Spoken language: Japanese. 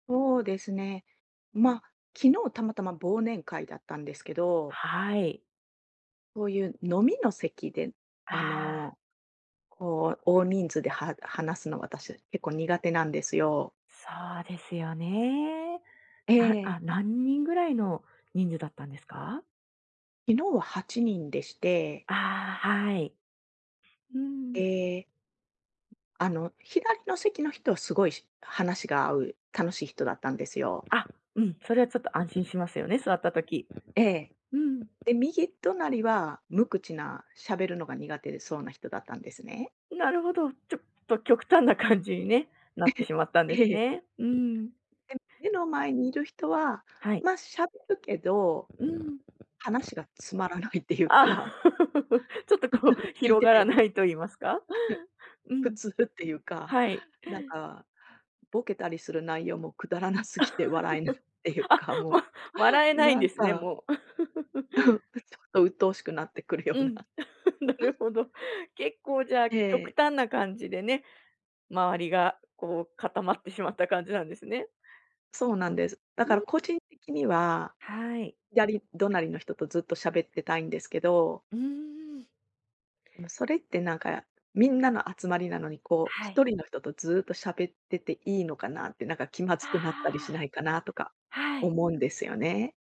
そうですね。ま、昨日たまたま忘年会だったんですけど。はい。そういう飲みの席で、あああ。の、こう、大人数で、は話すのは私結構苦手なんですよ。そうですよね。えあえ。あ、何人ぐらいの人数だったんですか？昨日は8人でして。ああ、はい。うーん。ええ。あの、左の席の人はすごいし話が合う楽しい人だったんですよ。あ、うん、それは、ちょっと、安心しますよね、座った時。ええ。うん。で、右隣は、無口な喋るのが苦手そうな人だったんですね。なるほど、ちょっと、極端な感じにね、なっえてしまったんでへ、すええ。ね。うん。で、目の前にいる人は、はい。ま、喋るけど、うーん。話がつまらないっていうああ。か。ちょっと、こう、聞い広てがらてないと言いますか、う普ん。通っていうか、はい。なんか、ボケたりする内容もくだらなすぎて笑えないってい うあ、か、もわ笑えう、ないんなでんすね、かもう。ちょ っと、うっとうしくなってくるよううな。ん、なうるほん、ん。ど。ん。結構、じゃあ、え極え。端な感じでね、周りが、こう、固まってしまった感じなんですね。そうなんです。だうからん。個人的には、はい。左隣の人とずっと喋ってたいんですけどうーん。でも、それって、なんか、みんなの集まりなのに、こう、はひい。とりの人とずっと喋ってていいのかなって、なんか、気まあずくなったりしないかなとかあ。はい。思うんですよね。